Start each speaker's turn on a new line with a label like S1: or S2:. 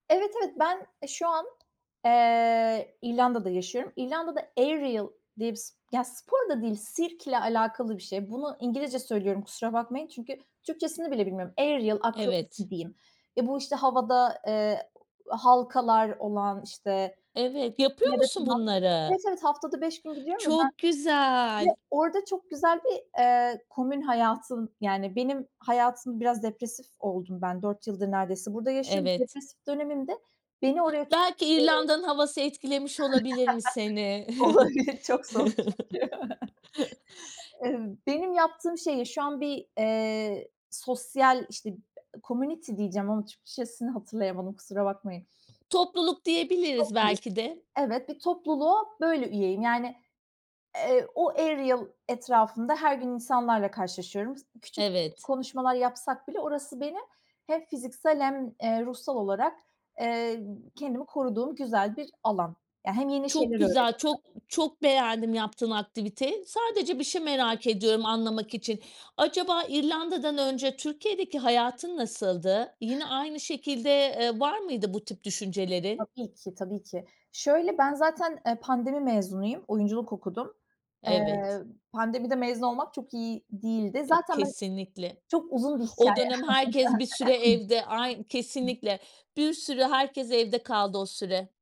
S1: Evet, evet. Ben, e, şu an, eee, İrlanda'da yaşıyorum. İrlanda'da aerial diye bir s ya, spor da değil, sirkle alakalı bir şey. Bunu İngilizce söylüyorum, kusura bakmayın; çünkü Türkçesini bile bilmiyorum. Aerial
S2: Evet.
S1: akrobasi diyeyim. Eee, bu işte havada, eee, halkalar olan, işte.
S2: Evet. Yapıyor musun
S1: [unintelligible]
S2: bunları?
S1: Evet, evet, haftada 5 gün gidiyorum ya
S2: Çok
S1: ben ve
S2: güzel.
S1: orada çok güzel bir, eee, komün hayatım Yani, benim hayatım biraz depresif oldum ben. 4 yıldır neredeyse burada yaşıyorum.
S2: Evet.
S1: Depresif dönemimde beni oraya tut
S2: Belki İrlanda'nın havası etkilemiş olabilir mi,
S1: [unintelligible]
S2: seni?
S1: Olabilir, çok soğuk çünkü. Eee, benim yaptığım şeye şu an bir, eee, sosyal, işte community diyeceğim ama Türkçesini hatırlayamadım, kusura bakmayın.
S2: Topluluk diyebiliriz,
S1: Topluluk.
S2: belki de.
S1: Evet, bir topluluğa böyle üyeyim. Yani, eee, o, aerial etrafında her gün insanlarla karşılaşıyorum. Küçük ko
S2: Evet.
S1: konuşmalar yapsak bile, orası benim hem fiziksel hem, eee, ruhsal olarak, eee, kendimi koruduğum güzel bir alan. Eee, hem yeni şeyler
S2: Çok güzel,
S1: öğreniyorum.
S2: çok çok beğendim, yaptığın aktiviteyi. Sadece bir şey merak ediyorum, anlamak için. Acaba İrlanda'dan önce Türkiye'deki hayatın nasıldı? Yine aynı şekilde, eee, var mıydı bu tip düşüncelerin?
S1: Tabii ki, tabii ki. Şöyle, ben zaten, e, pandemi mezunuyum; oyunculuk okudum.
S2: Evet.
S1: Eee, pandemide mezun olmak çok iyi değildi.
S2: E,
S1: Zaten ben
S2: kesinlikle.
S1: çok uzun bir
S2: O
S1: hikâye.
S2: dönem herkes bir süre evde Ay, kesinlikle. Bir sürü, herkes evde kaldı o süre.